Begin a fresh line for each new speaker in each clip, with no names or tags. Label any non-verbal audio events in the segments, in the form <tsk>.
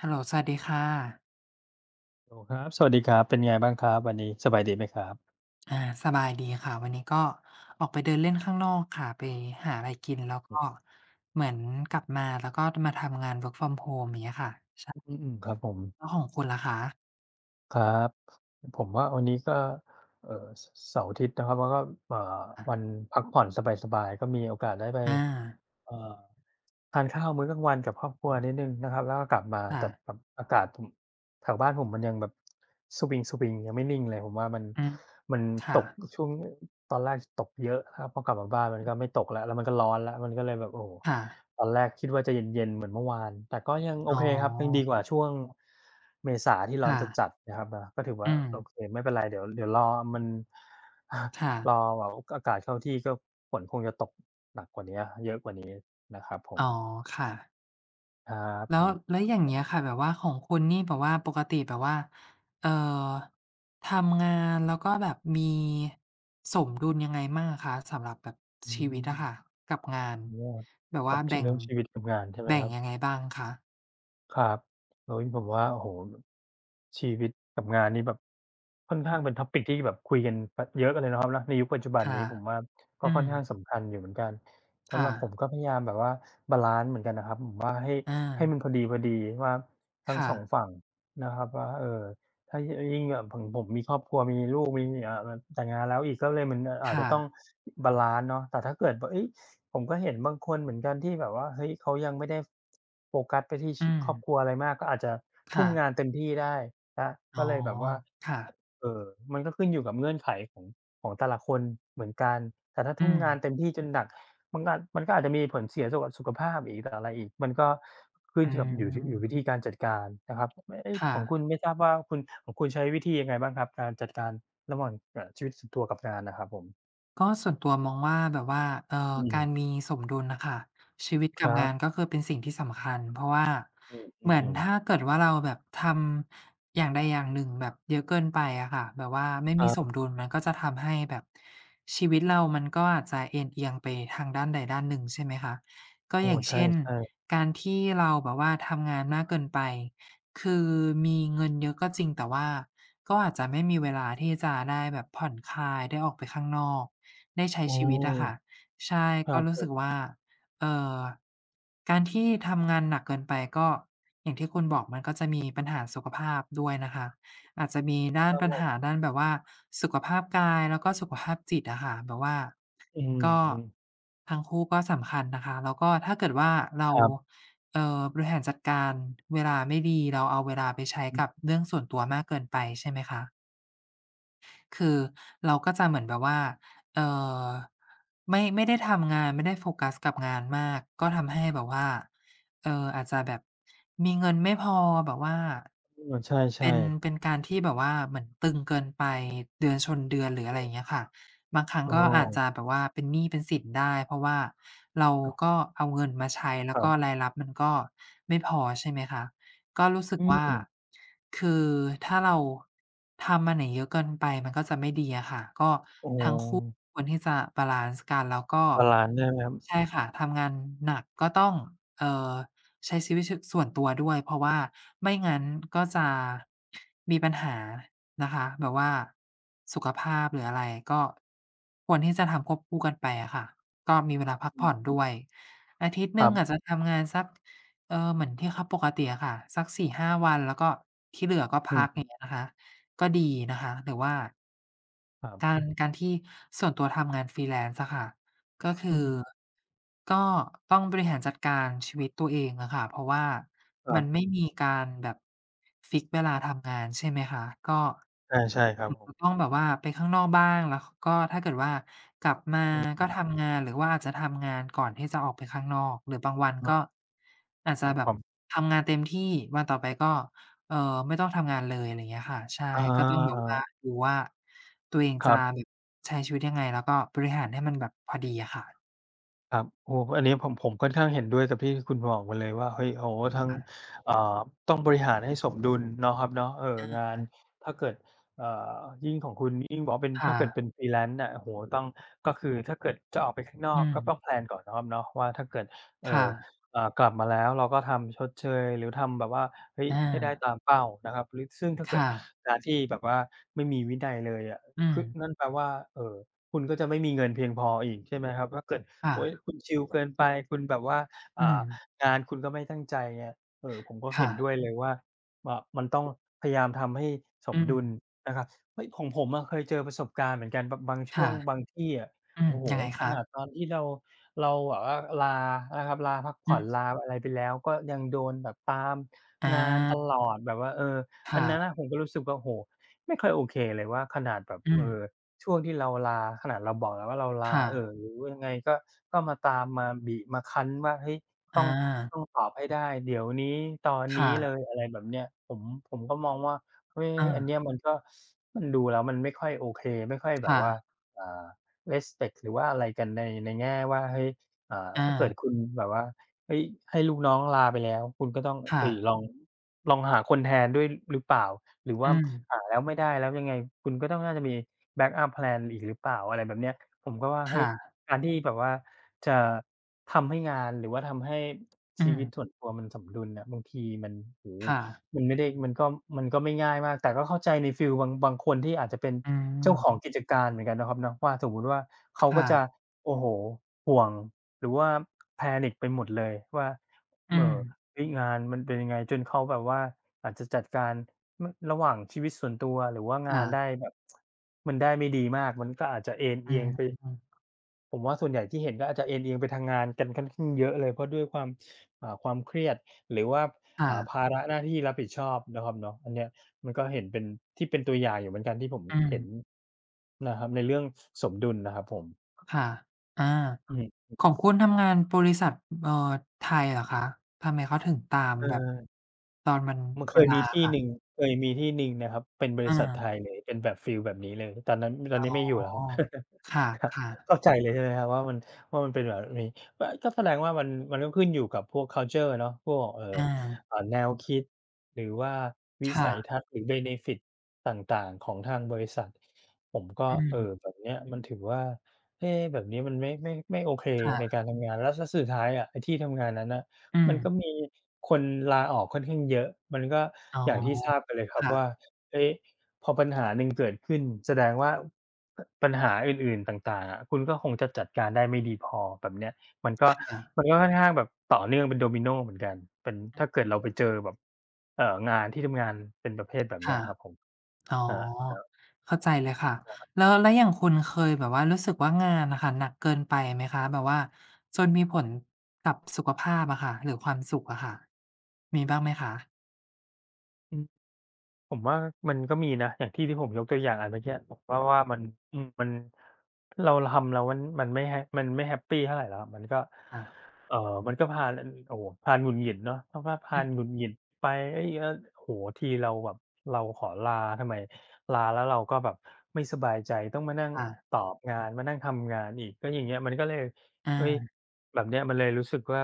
ฮัลโหล สวัสดีค่ะ
โหลครับ สวัสดีครับ เป็นยังไงบ้างครับวันนี้ สบายดีไหมครับ?
อา สบายดีค่ะ วันนี้ก็ออกไปเดินเล่นข้างนอกค่ะ ไปหาไรกินแล้วก็เหมือนกลับมา แล้วก็ ท มาทำงาน Work from Home อย่างเงี้ยค่ะ ช่ะ
อือ ๆ ครับผม
แล้วของคุณล่ะคะ?
ครับ ผมว่าวันนี้ก็ เอ่อ ส เสาร์ อาทิตย์ เนาะครับ แล้วก็ เอ่อ
ค่ะ
วันพักผ่อนสบาย ๆ ก็มีโอกาสได้ไป
อา
เอ่อ ทานข้าวมื้อกลางวันกับครอบครัวนิดหนึ่งนะครับ แล้วก็กลับมา
ค่
แต่
ะ
แบบอากาศ ถุ่ม แถวบ้านผมมันยังแบบสวิง ๆ ยังไม่นิ่งเลย ผมว่ามัน
อือ
มัน
ค่
ตก
ะ
ช่วง ตอนแรกตกเยอะครับ พอกลับมาบ้านมันก็ไม่ตกแล้ว แล้วมันก็ร้อนแล้ว มันก็เลยแบบ โอ้โฮ
ค่ะ
ตอนแรกคิดว่าจะเย็น ๆ เหมือนเมื่อวาน แต่ก็ยังโ
อ
อ
๋อ
เคครับ ยังดีกว่าช่วง เมษาที่ร้
ค
อน
่ะ
จัด ๆ นะครับเนาะ ก็ถือว
อ
่
ื
า
ม
โอเคไม่เป็นไร เดี๋ยว เดี๋ยวรอมัน <chuckles>
ค่ะ
รอแบบว่า อ อากาศเข้าที่ ก็ ฝนคงจะตกหนักกว่าเนี้ย เยอะกว่านี้ นะครับผ
อ๋อ
ม
ค่ะ
ครับ
แล้
ผ
ว
ม
แล้วอย่างเงี้ยค่ะ แบบว่าของคุณนี่แบบว่า ปกติแบบว่า เอ่อ ทำงาน แล้วก็แบบมี สมดุลยังไงมั่งอะคะ สำหรับแบบ
อ
ชีวิตอะ
ืม
ค่ะกับงาน
อ๋อ
แบบ
คร
ว่
ั
า
บ
แ
ช
บ่
เรื
ง
่องชีวิตกับงานใช่ไหม
แบ่
ค
ง
รับ?
ยังไงบ้างคะ?
ครับ เฮ้ย ผมว่า โอ้โฮ แบบ ชีวิตกับงานนี่แบบค่อนข
อ
้างเป็น
ืม
Topic ที่แบบคุยกัน พ เยอะเลย เนาะครับเนาะ ในยุคปัจจุบั
ค
น
่ะ
นี้ ผมว่าก็
อื
ค่อนข้าง
ม
สำคัญอยู่เหมือนกัน ส
ค
ำ
่
หรับผม
ะ
ก็พยายามแบบว่าบาลันซ์เหมือนกันนะครับ ผมว่าให้
อ
ให้ม
า
ันพอดี ๆ ว่า ทั
ค
้ง
่
2
ะ
ฝั่งนะครับว่า เออ ถ้ายี่ ถ้ายิ่งแบบของผมมีครอบครัว มีลูก มีเมีย อ่า มันแต่งงานแล้วอีก ก็เลยเหมือน อา อา
ค
จ
่
จะต้อง
ะ
บาลันซ์เนาะ แต่ถ้าเกิดว่า เฮ้ย ผมก็เห็นบางคนเหมือนกันที่แบบว่า เฮ้ย เขายังไม่ได้ โฟกัสไปที่ ช
อื
ครอบ
อ
ครัวอะไรมาก ก็อาจจะ
ค
ทุ
่
่ม
ะ
งานเต็มที่ได้นะ
อ๋
ก็
อ
เลยแบบว่า
ค่ะ
เออ มันก็ขึ้นอยู่กับเงื่อนไขของ ของแต่ละคนเหมือนกัน แต่ถ้า
อ
ท
ือ
ุ่มงานเต็มที่จนหนัก มันก็อาจ มันก็อาจจะมีผลเสียสุข สุขภาพอีกอะไรอีก มันก็ขึ้
อ
น
ื
อยู่กับ อยู่ที่ อยู่
ม
วิธีการจัดการนะครับ ไม่ เฮ้ย
ค่
ของค
ะ
ุณไม่ทราบว่า คุณ ของคุณใช้วิธียังไงบ้างครับ? การจัดการระหว่าง เอ่อ ชีวิตส่วนตัวกับงานน่ะครับผม?
ก็ส่วนตัวมองว่าแบบว่า เอ่
อ
อ
ื
กา
ม
รมีสมดุลน่ะค่ะ ชีวิตก
ค
ั
ร
บ
ั
งา
บ
น ก็คือเป็นสิ่งที่สำคัญ เพราะว่า
อื
เหมือน
อ
ถ
ๆ ๆ
้าเกิดว่า เราแบบทำอย่างใดอย่างหนึ่งแบบเยอะเกินไปอะค่ะ แบบว่าไม่
คร
ม
ั
ีส
บ
มดุล มันก็จะทำให้แบบชีวิตเรา มันก็อาจจะเอนเอียงไปทางด้านใดด้านหนึ่ง ใช่ไหมคะ ก
โ
็
อ้
อย่าง
ใช
เช่น
่ ๆ
การที่เราแบบว่าทำงานมากเกินไป คือมีเงินเยอะก็จริง แต่ว่าก็อาจจะไม่มีเวลาที่จะได้แบบผ่อนคลาย ได้ออกไปข้างนอก ได้ใช้
โอ้
ชีวิตอะคะ ใช่
คร
ก
ั
็
บ
รู
ผ
้สึ
ม
ก ว่า เอ่อ การที่ทำงานหนักเกินไปก็อย่างที่คุณบอก มันก็จะมีปัญหาสุขภาพด้วยนะคะ อาจจะมีด้า
คร
น
ับ
ปั
ผ
ญห
ม
า ด้านแบบว่าสุขภาพกาย แล้วก็สุขภาพจิตอะค่ะ แบบว่า
อือ
ก็
ฮึ
ทั้งคู่ก็สำคัญนะคะ แล้วก็ ถ้าเกิดว่าเรา
ครับ
เอ่อ บริหารจัดการเวลาไม่ดี เราเอาเวลาไปใช้
อ
ก
ือ
ับเรื่องส่วนตัวมากเกินไป ใช่ไหมคะ คือเราก็จะเหมือนแบบว่า เอ่อ ไม่ ไม่ได้ทำงาน ไม่ได้โฟกัสกับงานมาก ก็ทำให้แบบว่า เอ่อ อาจจะแบบมีเงินไม่พอแบบว่า
เออ ใช
เป
่
็น
ๆ
เป็นการที่แบบว่าเหมือนตึงเกินไป เดือนชนเดือน หรืออะ
อ
ไร
ือ
อย่างเงี้ยค่ะ บางครั้ง
อ้
ก็อาจจ
อ
ะแบบว่าเป็นหนี้เป็นสินได้ เพราะว่าเรา
โอ้
ก็เอาเงินมาใช้ แล
ค
้ว
รั
ก็
บ
รายรับมันก็ไม่พอ ใช่ไหมคะ ก็รู้สึ
อ
ก
ื
ว่า
อ
คือถ้าเราทำมันน่ะเยอะเกินไป มันก็จะไม่ดีอะค่ะ ก็
โอ้โ
ทั้งคู่
ฮ
ควรที่จะบาลันซ์กัน แล้วก็
บาลันซ์ ใช่ไหมครับ?
ใช่ค่ะ ทำงานหนักก็ต้อง เอ่อ ใช้ชีวิต ช ส่วนตัวด้วย เพราะว่าไม่งั้นก็จะ มีปัญหานะคะ แบบว่าสุขภาพ หรืออะไร ก็ ควรที่จะทำควบคู่กันไปอะค่ะ ก็มีเวลาพัก
อื
ผ่อ
อ
นด้วย อาทิตย์ห
ค
น
ร
ึ
ั
่งอ
บ
าจจะทำงานสัก เอ่อ เหมือนที่เขาปกติอะค่ะ สัก 4-5 วัน แล้วก็ที่เหลือก็
อื
พัก อย
ม ๆ
่างเงี้ยนะคะ ก็ดีนะคะ หรือว่า
ครับ
การ การที่ส่วนตัวทำงาน Freelance อะค่ะ ก็คื
อ
อ
ือ
ก็ต้องบริหารจัดการชีวิตตัวเองอะค่ะ เพราะว่า
คร
ม
ั
ันไม่
บ
มีการแบบ ฟิกซ์เวลาทำงาน ใช่ไหมคะ ก็
ใช่ ๆ ครั
อ
บ
อ
ผม
ต้องแบบว่าไปข้างนอกบ้าง แล้ว ข ก็ถ้าเกิดว่ากลับมา
อือฮ
ก
ึ
็ทำงาน หรือว่าอาจจะทำงานก่อนที่จะออกไปข้างนอก หรือบางวัน
เ
ก
ออ
็อาจจ
ค
ะ
รับ
แบ
ผ
บ
ม
ทำงานเต็มที่ วันต่อไปก็ เอ่อ ไม่ต้องทำงานเลย ไรเงี้ยค่ะ ใช่
อ
ก็ต้องแบบว่า
า
ดูว่า ตัวเอง
ค
จ
ร
ะ
ับ
แบบใช้ชีวิตยังไง แล้วก็บริหารให้มันแบบพอดีอะค่ะ
ครับ โอ้โฮ อันเนี้ย ผม ผมค่อนข้างเห็นด้วยกับที่คุณบอกมาเลยว่า เฮ้ย โฮ้โฮ ทั้ง
อา
เอ่อ ต้องบริหารให้สมดุล เนาะครับเนาะ เอ่อ
อา
งา
ค
น
่ะ
ถ้าเกิด เอ่อ ยิ่งของคุณยิ่งบอกว่าเป็น
ค
ถ้
่
าเกิด
ะ
เป็น Freelance น่ะ โอ้โฮ ต้อง ก็คือถ้าเกิดจะออกไปข้างนอ
อื
ก ก็ต้
ม
อง แพลน ก่อน เนาะครับเนาะว่า ถ้าเกิด เอ
ค่
อ
ะ
อ่า กลับมาแล้วเราก็ทำชดเชย หรือทำแบบว่า เฮ้ย
อา
ให้ได้ตามเป้านะครับ หรือ ซึ่งถ้าเ
ค
กิด
่ะ
การที่แบบว่าไม่มีวินัยเลยอะ
อื
ค
ม
ึ นั่นแปลว่า เอ่อ คุณก็จะไม่เงินเพียงพออีก ใช่ไหมครับ ถ้าเกิด
ค่
เฮ้ย
ะ
คุณชิลเกินไป คุณแบบว่า อ
อื
่า
ม
งานคุณก็ไม่ตั้งใจ เงี้ย เออ ผมก็
ค
เห
่
็นด
ะ
้วยเลยว่า อ่า มันต้องพยายามทำให้ส
อื
มดุล
ม
นะครับ เฮ้ย ของผมอะเคยเจอประสบการณ์เหมือนกัน บะ บางช
ค
่ว
่ะ
งบางที่อะ
อื
โอ
อ
้โฮ
ยังไง
ข
คะ?
นาดตอนที่เรา เราแบบว่าลานะครับ ลาพักผ
อื
่อ
อ
น ลาอะไรไปแล้ว ก็ยังโดนแบบตาม
อ
งานต
า
ลอดแบบว่า เออ
ค
อั
่
นนั้น
ะ
น่ะ ผมก็รู้สึกว่า โอ้โฮ ไม่ค่อยโอเคเลยว่า ขนาดแบบ
อื
เอ
อ
อ ช่วงที่เราลา ขนาดเราบอกแล้วว่า "เราล
ค
า"
่
เอ
ะ
อ หรือยังไงก็ ก็มาตาม มาบีบ มาคั้นว่า "เฮ้ย ต
อ
้อง
า
ต้องตอบให้ได้เดี๋ยวนี้ ตอน
ค
น
่
ี้เล
ะ
ย" อะไรแบบเนี้ย ผม ผมก็มองว่า เฮ้ย อันเนี
เออ
้ย มันก็ ซ มันดูแล้วมันไม่ค่อยโอเค ไม่ค่อยแ
ค
บ
่
บว่า
ะ
อ่า respect หรือว่าอะไรกัน ใน ในแง่ว่า เฮ้ย อ่า
อ
ถ้าเกิด
า
คุณแบบว่า เฮ้ย ให้ลูกน้องลาไปแล้ว คุณก็ต้อง
ค
เ
่
ฮ้ย
ะ
ลอง ลองหาคนแทนด้วย ร หรือเปล่า หรือว
อ
่
ื
าม
อ
หาแล้วไม่ได้แล้วยังไง คุณก็ต้องน่าจะมีแบ็กอัป แพลน อีกหรือเปล่า อะไรแบบเนี้ย ผมก็ว่า
ค
เฮ
่
้ย
ะ
การที่ให้แบบว่าจะทำให้งาน หรือทำให้
อ
ช
ื
ีวิต
อ
ส่วนตัวมันสมดุลน่ะ บางทีมัน โอ้โฮ
ค่ะ
มันไม่ได้ มันก็ มันก็ไม่ง่ายมาก แต่ก็เข้าใจในฟีลบาง บางคนที่อาจจะเป็น
อื
เจ้าข
ม
องกิจการเหมือนกัน เนาะครับเนาะ ว่าสมมุติว่า เข
ค
าก
่
็จะ
ะ
โอ้โฮ ห่วงหรือว่า panic ไปหมดเลยว่า
อื
เหม่อ
ม
เฮ้ย งานมันเป็นยังไง จนเขาแบบว่าอาจจะจัดการ ม ระหว่างชีวิตส่วนตัวหรือว่าง
ค่
านได
ะ
้แบบ <tsk> มันได้ไม่ดีมาก มันก็อาจจะเอน
อ
เ
ื
อียงไป
ม
ผมว่าส่วนใหญ่ที่เห็นก็อาจจะเอนเอียงไปทางงานกันค่อนข้าง เยอะเลย เพราะด้วยความ อ่า ความเครียด หรือว่า
ค่
อ่า ภ
ะ
าระหน้าที่รับผิดชอบ เนาะครับเนาะ อันเนี้ย มันก็เห็นเป็น ที่เป็นตัวอย่างอยู่เหมือนกัน ที่ผม
อื
เห็น
ม
นะครับ ในเรื่องสมดุลนะครับผม
ค่ะ อา
อือฮึ อือ
ของคุณทำงานบริษัท อ เอ่อ ไทยเหรอคะ? ทำไมเขาถึงตาม
เ
แบบ
ออ
ตอนวัน
มันเค
วัน
ย
ล
ม
า
ีที่
ค่ะ?
หนึ่ง เคยมีที่หนึ่ง นะครับ เป็นบริษัทไ
เออ
ทยเลย เป็นแบบฟีลแบบนี้เลย ตอนนั้น ตอน
อ๋อ
นี้ไม่อยู่แล้วครับ <chuckles>
ค
ครับ
่ะ ๆ
เข้าใจเลย ใช่ไหมครับว่ามัน ว่ามันเป็นแบบนี้ อะ ก็แสดงว่ามัน มันก็ขึ้นอยู่กับพวก คัลเชอร์ เนาะ พวกแบบ เออ
อา
อ่า แนวคิด หรือว่าวิ
ค่
สัย
ะ
ทัศน์ หรือ เบเนฟิต ต่าง ๆ ของทางบริษัท ผมก็
อื
เอ่
ม
อ แบบเนี้ย มันถือว่า "เอ๊ แบบนี้มันไม่ ไม่ ไม่โอเค
ค่
ใน
ะ
การทำงาน" แล้ว ซ สุดท้ายอะ ไอ้ที่ทำงานนั้นน่ะ
อื
มัน
อ
ก็มีคนลาออกค่อนข้างเยอะ มันก็
อ๋อ
อย่างที่ทราบไปเลยคร
ค
ับ
่
ว่
ะ
า เฮ้ย พอปัญหาหนึ่งเกิดขึ้น แสดงว่า ปัญหาอื่น ๆ ต่าง ๆ อะ คุณก็คงจะจัดการได้ไม่ดีพอ แบบเนี้ย มันก็
ค่ะ
มันก็ค่อนข้างแบบต่อเนื่องเป็นดอมิโนเหมือนกัน เป็น
อ
ถ้
ือ
าเกิดเราไปเจอแบบ เอ่อ งานที่ทำงานเป็นประเภทแบบเ
ค
นี้
่
ย
ะ
ครับผม
อ๋อ
ครับ ครับ
เข้าใจเลยค่ะ
ครับ
แล้ว แล้วอย่างคุณเคยแบบว่ารู้สึกว่า งานอะค่ะหนักเกินไปไหมคะ? แบบว่าจนมีผลกับสุขภาพอะค่ะ หรือความสุขอะค่ะ มีบ้างไหมคะ?
อือ ผมว่ามันก็มีนะ อย่างที่ที่ผมยกตัวอย่างอันเมื่อกี้อะ ผมว่า ว่ามัน อือ มัน เรา เราทำเราว่ามันไม่แฮป มันไม่แฮปปีเท่าไรแล้วครับ มันก็
ค่ะ
เอ่อ มันก็พาล อือ โอ้โฮ พาลหงุดหงิดเนาะ เพราะว่าพา
อือ
ลหงุดหงิดไป เฮ้ย ก็ โอ้โฮ ทีเราแบบ เราขอลา ทำไมลาแล้วเราก็แบบไม่สบายใจ ต้องมานั่ง
ค่ะ
ตอบงาน มานั่งทำงานอีก แล้วอย่างเงี้ย มันก็เลย
อ
เฮ้ย
า
แบบเนี้ย มันเลยรู้สึกว่า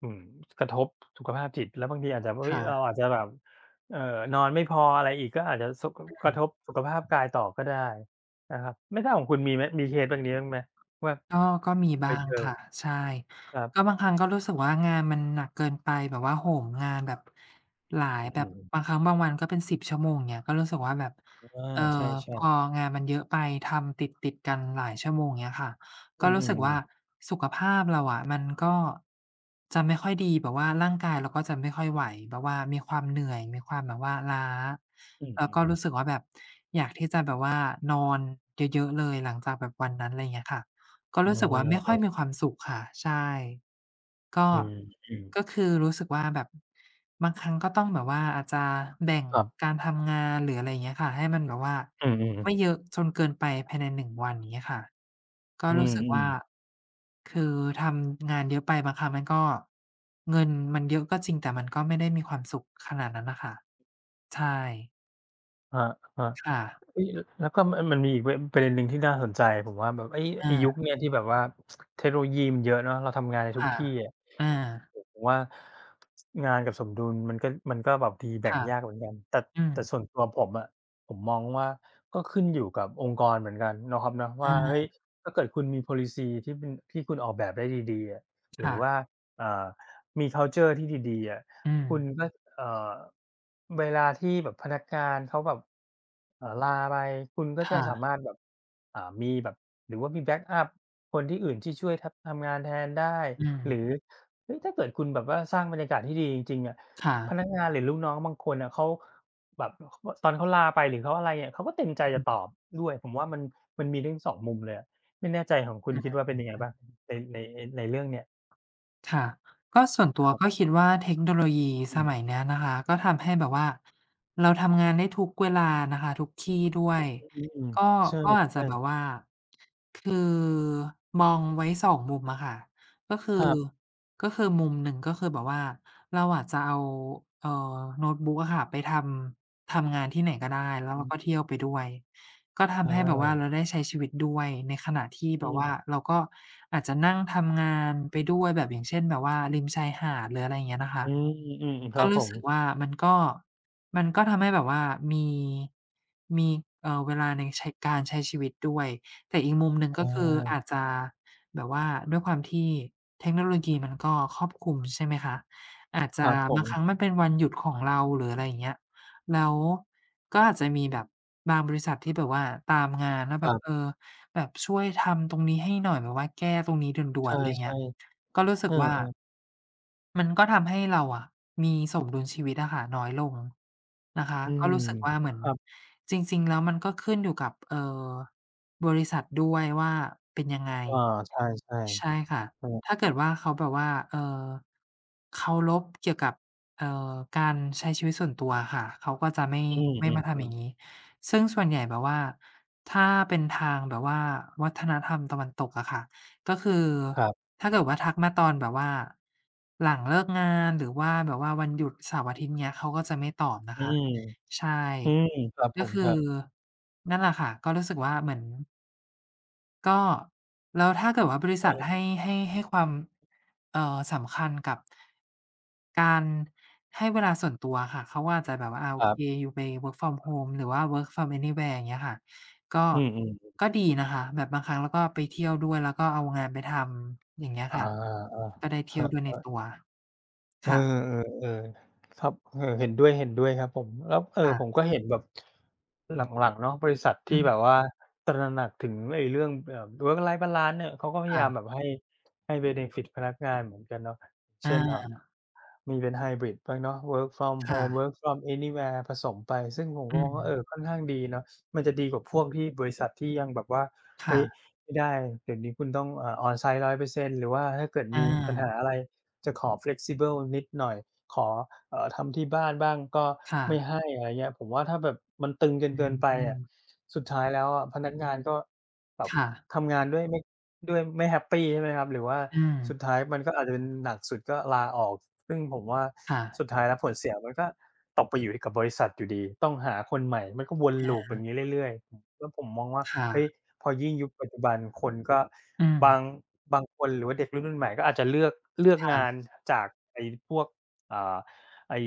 อืม กระทบสุขภาพจิต แล้วบางทีอาจจะ เ
ค
ฮ้
่
ย เร
ะ
าอาจจะแบบ เออ นอนไม่พออะไรอีก ก็อาจจะส่ง ก ก
อ
ร
ื
ะทบสุ
ม
ขภาพกายต่อก็ได้นะครับ ไม่ทราบของคุณมีไหม มีเคสแบบนี้บางไหมว่า
ก็ ก็มี
เค
บ้
ย
าง
เจอ?
ค่ะ ใช่
ครับ
ก็บางครั้งก็รู้สึกว่างานมันหนักเกินไป แบบว่าโหมงานแบบหลา
อื
ย
อ
แบ
อื
บ
อ อืม
บางครั้งบางวันก็เป็น 10 ชั่วโมง อย่างเงี้ย ก็รู้สึกว่าแบบ
อา
เอ่
ใช
อ
่
พ
ๆ
องานมันเยอะไป ทำติด ๆ กันหลายชั่วโมง อย่างเงี้ยค่ะ
อ
ก
ื
็รู้สึกว
อ
่า
ๆ ๆ
สุขภาพเราอะมันก็จะไม่ค่อยดี แบบว่าร่างกายเราก็จะไม่ค่อยไหว แบบว่ามีความเหนื่อย มีความแบบว่าล้า
อื
แล้วก็
อ ๆ
รู้สึกว่าแบบอยากที่จะแบบว่านอนเยอะ ๆ เลย หลังจากแบบวันนั้น ไรเงี้ยค่ะ ก็
เอ
ร
อ
ู้สึกว่าไม่
ก
ค่
็
อยมีความสุขค่ะ ใช่ ก็
อืม อืม
ก็คือรู้สึกว่าแบบบางครั้ง ก็ต้องแบบว่าอาจจะแบ่ง
ครับ
การทำงาน หรืออะไรอย่างเงี้ยค่ะ ให้มันแบบว่า
อืม
ไ
ๆ
ม่เยอะจนเกินไปภายใน 1 วัน อย่างเงี้ยค่ะ ก็
อื
รู้สึกว่า
อ ๆ
คือทำงานเยอะไปบางครั้งมันก็ เงินมันเยอะก็จริง แต่มันก็ไม่ได้มีความสุขขนาดนั้นน่ะค่ะ ใช่
ครับ ครับ
ค่ะ
เฮ้ย แล้วก็ อ่า มันมีอีก เวย์ อือ เป็นอันหนึ่งที่น่าสนใจ ผมว่าแบบ เฮ้ย
อ
ไอ้
า
ยุคเนี้ย ที่แบบว่า <tsk> เทคโนโลยีมันเยอะเนาะ เราทำงานได้
ค
ทุก
่ะ
ที่อะ
อา
โอ้โฮ ผมว่า งานกับสมดุลมันก็ มันก็แบบดีแ
ค
บ่ง
่ะ
ยากเหมือนกัน แต่-
อื
แต่
ม
ส่วนตัวผมอะ ผมมองว่า ก็ขึ้นอยู่กับองค์กรเหมือนกัน เนาะครับเนาะ ว
อ
่า เฮ้ย
า
ถ้าเกิดคุณมี Policy ที่เป็น ที่คุณออกแบบได้ดี ๆ อะ ห
ค
รื
่
อว
ะ
่า เอ่อ มี คัลเชอร์ ที่ดี ๆ อะ
อื
คุ
ม
ณน่า เอ่อ เวลาที่แบบพนักงานเขาแบบ เอ่อ ลาไป คุณก็
ค
จะ
่
สา
ะ
มารถแบบ อ่า มีแบบ หรือว่ามีแบ็กอัปคนที่อื่นที่ช่วยทำ ทำงานแทนได้
อื
หรื
ม
อ เฮ้ย ถ้าเกิดคุณแบบว่าสร้างบรรยากาศที่ดีจริง ๆ อะ
ค่
พ
ะ
นักงานหรือลูกน้องบางคนอะ เขาแบบ อ ก็ ตอนเขาลาไปหรือเขาอะไรอะ เขาก็เต็มใจ
อ
จะตอ
ืม
บด้วย ผมว่ามัน มันมีทั้ง 2 มุมเลยอะ ไม่แน่ใจของคุ
อา จ
ณ
ริง
คิ
ด
ดว่าเป็นไงบ้างใน
้วย
ใน ในเรื่องเนี้ย?
ค่ะ ก็ส่วนตั
ค
ว
รับ
ก็คิดว่าเทคโนโลยี
อื
ส
อ
มัยเนี้ยนะคะ ก็ทำให้แบบว่าเราทำงานได้ทุกเวลานะคะ ทุกที่ด้วย
อา อืม
ก็
ๆ ใช่
ก็อาจจะแบ
ๆ
บว่า คือมองไว้ 2 มุมอะค่ะ ก็ ค
ค
ื
ร
อ
ับ
ก็คือมุมหนึ่ง ก็คือแบบว่าเราอาจจะเอา เอ่อ โน้ตบุ๊กอะค่ะ ไปทำ ทำงานที่ไหนก็ได้ แล้ว
อื
เรา
อ
ก็เที่ยวไปด้วย ก็ท
อ
ำให้แบบว่า
า
เราได้ใช้ชีวิตด้วย ในขณะที่
อ
แบ
ื
บว่
ม
าเราก็อาจจะนั่งทำงานไปด้วย แบบ อย่างเช่น แบบว่าริมชายหาด หรืออะไรเงี้ยนะค
อื
ะ
อ อือ ๆ ค
ก
ร
็
ับ
ร
ผ
ู้
ม
สึกว่ามันก็ มันก็ทำให้แบบว่ามี มี เอ่อ เวลาในใช้ การใช้ชีวิตด้วย แต่อีกมุมหนึ่ง
อ
ก็คืออ
า
าจจะแบบว่าด้วยความที่เทคโนโลยีมันก็ครอบคลุม ใช่ไหมคะ อาจจ
คร
ะ
ับผ
บางคร
ม
ั้งมันเป็นวันหยุดของเรา หรืออะไรอย่างเงี้ย แล้วก็อาจจะมีแบบบางบริษัทที่แบบว่าตามงานว่า
ค
แบ
รั
บ
บ
เออ แบบช่วยทำตรงนี้ให้หน่อย แบบว่าแก้ตรงนี้ด่
ใช
วน ๆ ไรเงี้
่
ย ก็รู้
ๆ
สึ
เอ
ก
อ
ว่า
ๆ
มันก็ทำให้เราอะมีสมดุลชีวิตอะค่ะน้อยลงนะคะ
อื
ก็
ม
รู้สึกว่าเหมือ
ค
น
รับ
จริง ๆ แล้วมันก็ขึ้นอยู่กับ เอ่อ บริษัทด้วยว่าเป็นยังไง
อา ใช่
ใช่ค่ะ
ๆ เออ
ถ้า
ค
เก
รั
ิ
บ
ดว่าเขาแบบว่า เอ่อ เคารพ เกี่ยวกับ เอ่อ การใช้ชีวิตส่วนตัวอะค่ะ เขาก็จะไม่
อืม
ไม่
อื
มาทำอย
ม
่
ๆ
างงี้ ซึ่งส่วนใหญ่แบบว่าถ้าเป็นทางแบบว่าวัฒนธรรมตะวันตกอะค่ะ ก็คือ
ครับ
ถ้าเกิดว่า ทักมาตอนแบบว่าหลังเลิกงาน หรือว่าแบบว่าวันหยุดเสาร์อาทิตย์ เงี้ย เขาก็จะไม่ตอบน
อ
ะ
ื
คะ
ม
ใช่
อืม ครับ
ก
ผ
็
ม
คือ
ครับ
นั่นแหละค่ะ ก็รู้สึกว่าเหมือน ก็ แล้วถ้าเกิดว่าบริษ
เ
ัท
ออ
ให้ ให้-ให้ความ เอ่อ สำคัญกับ การให้เวลาส่วนตัวอะค่ะ เขาอาจจะแบบว่า อา โอ
ครั
เค
บ
ยูไป Work from Home หรือว่า Work from Anywhere อย่างเงี้ยค่ะ ก็
อืม ๆ ๆ
ก็ดีนะคะ แบบบางครั้งเราก็ไปเที่ยวด้วย แล้วก็เอางานไปทำ อย่างเงี้ย
อา
ค่ะ ก็ได้เท
ๆ ค
ี่ย
รั
วด้วยใน
บ
ต
ๆ
ัว ค
เออ
่ะ
ๆ ๆ ครับ เออ เห็นด้วย ๆ ครับผม แล้ว เอ่อ
ค่ะ
ผมก็เห็นแบบ หลัง ๆ เนาะ บริษัทท
อื
ี่แบบ
ม
ว่าตระหนักถึงไอ้เรื่องแบบ Work Life Balance น่ะ เขาก็พย
ค่
ายา
ะ
มแบบให้ ให้ เบเนฟิต พนักงานเหมือนกันเนาะ เ
อ
ช่น เอ่อ
า
มีเป็นไฮบริดบ้างเนาะ Work from
ค่
Home
ะ
Work from Anywhere ผสมไป ซึ่งผม
อ
ก
ื
็มองว่า เอ
ม
อ ค่อนข้างดีเนาะ มันจะดีกว่าพวกที่ บริษัทที่ยังแบบว่า
ค
"เฮ
่
้ย
ะ
ไม่ได้เดี๋ยวนี้คุณต้อง อ่า on-site 100%" หรือว่าถ้าเกิด
อ
มีปัญห
า
าอะไร จะขอ Flexible นิดหน่อย ขอ เอ่อ ทำที่บ้านบ้างก็
ค่
ไม
ะ
่ให้ อะไรเงี้ย ผมว่าถ้าแบบมันตึงกัน
อ
เ
ื
กินไปอะ
ม
สุดท้ายแล้วอะพนักงานก็แบบ
ค่ะ
ทำงานด้วยไม่ ด้วยไม่แฮปปี ใช่ไหมครับ หรือว่า
อื
สุด
อ
ท้ายมันก็อาจจะเป็น หนักสุดก็ลาออก ซึ่งผมว่า
ค่ะ
สุดท้ายแล้ว ผลเสียมันก็ตกไปอยู่ที่ กับบริษัทอยู่ดี ต้องหาคนใหม่ มันก็วน
อ
loop อ
า
ย่างงี้เรื่อย ๆ อ แล้วผมมองว่า
ค่
เฮ้ย
ะ
พอยิ่งยุคปัจจุบันคนก็
อื
บา
ม
ง บางคนหรือว่าเด็กรุ่นใหม่ ๆ ก็อาจจะเลือก เลือก
ค่
งา
ะ
นจากไอ้พวก อ่า ไอ้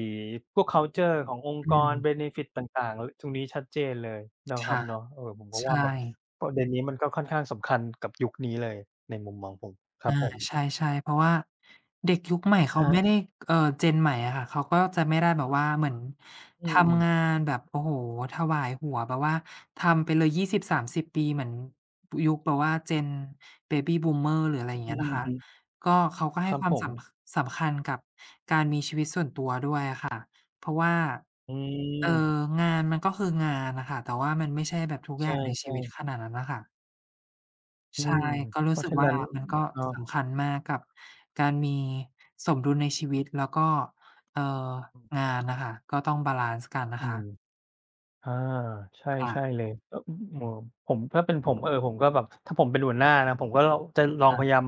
พวก คัลเชอร์ ขององค์
อ
กร
ืม
เบเนฟิต ต่าง ๆ ล ตรงนี้ชัดเจนเลย เนาะ
ค
ครั
่
บ
ะ
เนาะ เออ ผมก็
ใช
ว่าแบบ
่
ประเด็นนี้ มันก็ค่อนข้างสำคัญกับยุคนี้เลย ในมุมมองผม คร
อ
ั
า
บผ
ใ
ม
ช่ ๆ เพราะว่าเด็กยุคใหม่ เ
ค
ขา
รั
ไม่
บ
ได้ เอ่อ Gen ใหม่อะค่ะ เขาก็จะไม่ได้แบบว่าเหมือน
อื
ท
ม
ำงานแบบ โอ้โฮ ถวายหัวแบบว่าทำไปเลย 20-30 ปี เหมือนยุคแบบว่า Gen Baby Boomer หรืออะไรอย่าง
อ
เ
ื
งี้
อ
ย
อ
นะ
ือ
คะ
ฮึ
ก็เขาก็ใ
ค
ห้
รับ
ควา
ผ
มส
ม
ำ ค สำคัญกับการมีชีวิตส่วนตัวด้วยอะค่ะ เพราะว่า
อื
เอ่อ
ม
งานมันก็คืองานน่ะค่ะ แต่ว่ามันไม่ใช่แบบทุก
ใ
อย
ช
่
่
างในชีวิต
ๆ
ขนาดนั้นน่ะค่ะ
อื
ใช่
ม
ก็ร
เพ
ู้
รา
ส
ะ
ึ
ฉ
ก
ะ
ว
น
่
ั
า
้น
มันก็
เออ
สำคัญมากกับการมีสมดุลในชีวิต แล้วก็ เอ่อ งานน่ะค่ะ ก็ต้องบาลันซ์กันน
อื
ะค
ม
ะ
อา ใช่
ค่
ใช่
ะ
เลย ก็ อืม เออ ผม ถ้าเป็น ผม เออ ผมก็แบบ ถ้าผมเป็นหัวหน้านะ ผมก็ ล จะลอ
ค
ง
่
พ
ะ
ยายาม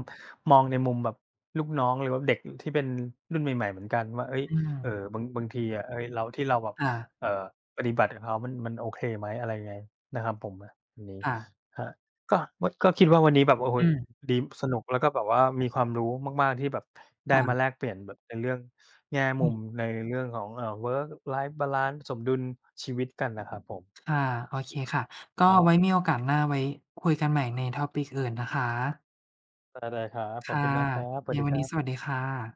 มองในมุมแบบลูกน้องเลยว่า เด็ก อ ที่เป็นรุ่นใหม่ ๆ เหมือนกันว่า เฮ้ย
อื
เออ
ม
บาง บางทีอะ เฮ้ย เรา ที่เราแบบ
ค่ะ
เอ่อ ปฏิบัติกับเขามัน มันโอเคไหม อะไรยังไง นะครับผมนะ อันนี้
ค่ะ
ครับ ก็มด ก็คิดว่าวันนี้แบบ โอ้โฮ
อือ
ดี สนุกแล้วก็แบบว่ามีความรู้มาก ๆ ที่แบบไ
ค
ด้
่
ม
ะ
าแลกเปลี่ยนแบบในเรื่องแง่ม
อ
ุ
ือ
ม ในเรื่องของ เอ่อ Work Life Balance สมดุลชีวิตกันนะครับผม
ค่ะ โอเคค่ะ ก็
ครั
ไว
บ
้มีโอกาสหน้า ไว้คุยกันใหม่ใน Topic อื่นนะคะ
ได้ ๆ ครับ ข
ค
อบ
่
คุ
ะ
ณมากครับ สว
ไ
ั
ง
สดี
วั
ค
น
ร
นี
ั
้
บ
สวัสดีค่ะ